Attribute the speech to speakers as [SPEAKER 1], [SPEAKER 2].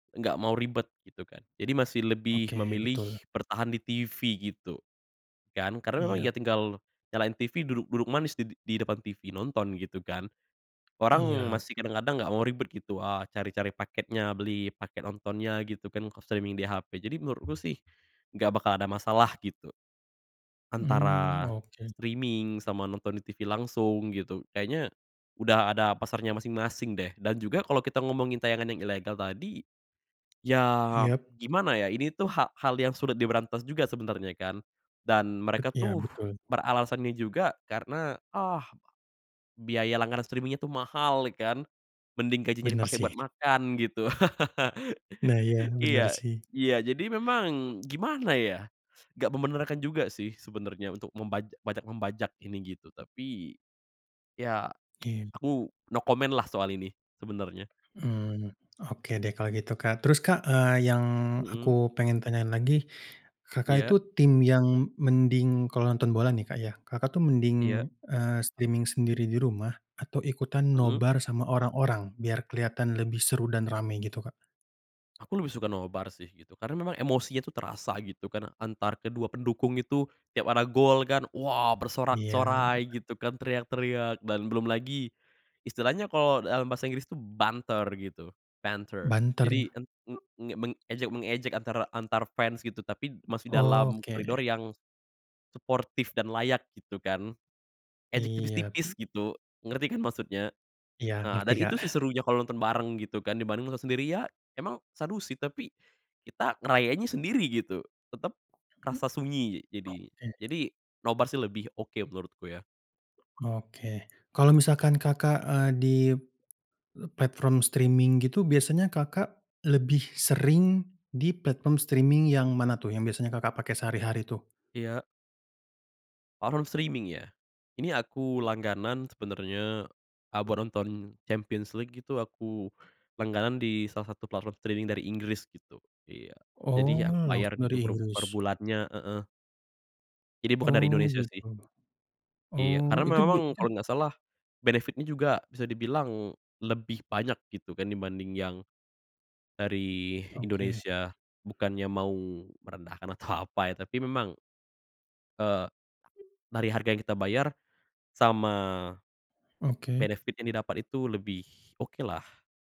[SPEAKER 1] Nggak mau ribet gitu kan. Jadi masih lebih
[SPEAKER 2] Oke,
[SPEAKER 1] memilih
[SPEAKER 2] betul.
[SPEAKER 1] bertahan di TV gitu kan, karena memang
[SPEAKER 2] Iya.
[SPEAKER 1] ya tinggal nyalain TV, duduk-duduk manis di di depan TV, nonton gitu kan. Orang
[SPEAKER 2] Iya.
[SPEAKER 1] masih kadang-kadang enggak mau ribet gitu a cari-cari paketnya, beli paket nontonnya gitu kan kalau streaming di HP. Jadi menurutku sih enggak bakal ada masalah gitu.
[SPEAKER 2] Mmm,
[SPEAKER 1] Antara
[SPEAKER 2] oke.
[SPEAKER 1] streaming sama nonton di TV langsung gitu. Kayaknya sudah ada pasarnya masing-masing deh dan juga kalau kita ngomongin tayangan yang ilegal tadi. Ya
[SPEAKER 2] Iya.
[SPEAKER 1] gimana ya, ini tuh ha hal yang sulit diberantas juga sebenernya kan. Dan
[SPEAKER 2] Bet
[SPEAKER 1] mereka
[SPEAKER 2] iya,
[SPEAKER 1] tuh
[SPEAKER 2] betul.
[SPEAKER 1] beralasannya juga karena, "Ah, biaya langganan streaming itu mahal ya kan?" Mending gajinya
[SPEAKER 2] Benar
[SPEAKER 1] dipake
[SPEAKER 2] sih.
[SPEAKER 1] buat makan gitu.
[SPEAKER 2] Nah, iya benar
[SPEAKER 1] Iya
[SPEAKER 2] sih.
[SPEAKER 1] iya jadi memang gimana ya. Enggak membenarkan juga sih sebenernya untuk membaj bajak-membajak ini gitu. Tapi, iya
[SPEAKER 2] Iya.
[SPEAKER 1] aku no comment lah soal ini sebenernya
[SPEAKER 2] Mmm, oke deh kalau gitu, Kak, terus, Kak, eee, yang aku
[SPEAKER 1] Mhm.
[SPEAKER 2] pengen tanyain lagi, Kakak
[SPEAKER 1] Iya.
[SPEAKER 2] itu tim yang mending kalau nonton bola nih, Kak, ya, Kakak tuh mending
[SPEAKER 1] Iya.
[SPEAKER 2] eee, streaming sendiri di rumah atau ikutan
[SPEAKER 1] Mhm.
[SPEAKER 2] nobar sama orang-orang biar kelihatan lebih seru dan ramai gitu, Kak?
[SPEAKER 1] Aku lebih suka nobar sih, gitu. Karena memang emosinya tuh terasa gitu kan, antar kedua pendukung itu. Tiap ada gol kan, wah
[SPEAKER 2] Iya.
[SPEAKER 1] bersorak-sorai gitu kan, teriak-teriak. Dan belum lagi istilahnya kalau, eee, dalam bahasa Inggris itu banter gitu, banter.
[SPEAKER 2] Banter?
[SPEAKER 1] Jadi, en mmm, mengejek mengejek antara antar fans gitu. Tapi masih dalam
[SPEAKER 2] Oke.
[SPEAKER 1] koridor yang suportif dan layak gitu kan. Ejek
[SPEAKER 2] Iya.
[SPEAKER 1] tipis-tipis gitu, ngerti kan maksudnya.
[SPEAKER 2] Iya,
[SPEAKER 1] Nah
[SPEAKER 2] ngerti,
[SPEAKER 1] dan itu sih
[SPEAKER 2] Kak.
[SPEAKER 1] serunya kalau nonton bareng gitu kan dibanding nonton sendiri ya, emang seru sih. Tapi kita ngerayainnya sendiri gitu. Tetap
[SPEAKER 2] Mmm,
[SPEAKER 1] kerasa sunyi jadi.
[SPEAKER 2] oke.
[SPEAKER 1] Jadi nobar sih lebih oke menurutku ya.
[SPEAKER 2] Oke. Kalau misalkan Kakak, eee, di platform streaming gitu biasanya, Kakak lebih sering di platform streaming yang mana tuh yang biasanya, Kakak pakai sehari-hari tuh?
[SPEAKER 1] Iya. Platform streaming ya. Ini aku langganan sebenernya, a buat nonton Champions League gitu aku langganan di salah satu platform streaming dari Inggris gitu, iya.
[SPEAKER 2] Oh,
[SPEAKER 1] Jadi ya,
[SPEAKER 2] langsung
[SPEAKER 1] bayar gitu
[SPEAKER 2] dari
[SPEAKER 1] per per
[SPEAKER 2] Inggris.
[SPEAKER 1] bulannya heeh. Ini bukan dari
[SPEAKER 2] Oh
[SPEAKER 1] Indonesia sih.
[SPEAKER 2] gitu.
[SPEAKER 1] Iya,
[SPEAKER 2] Oh
[SPEAKER 1] karena me
[SPEAKER 2] itu bi
[SPEAKER 1] memang
[SPEAKER 2] itu
[SPEAKER 1] kalau nggak salah, benefit-nya juga bisa dibilang lebih banyak gitu kan dibanding yang dari
[SPEAKER 2] Oke.
[SPEAKER 1] Indonesia. Bukannya mau merendahkan atau apa ya, tapi memang, eee, dari harga yang kita bayar sama
[SPEAKER 2] Oke.
[SPEAKER 1] benefit yang di dapat itu lebih oke lah.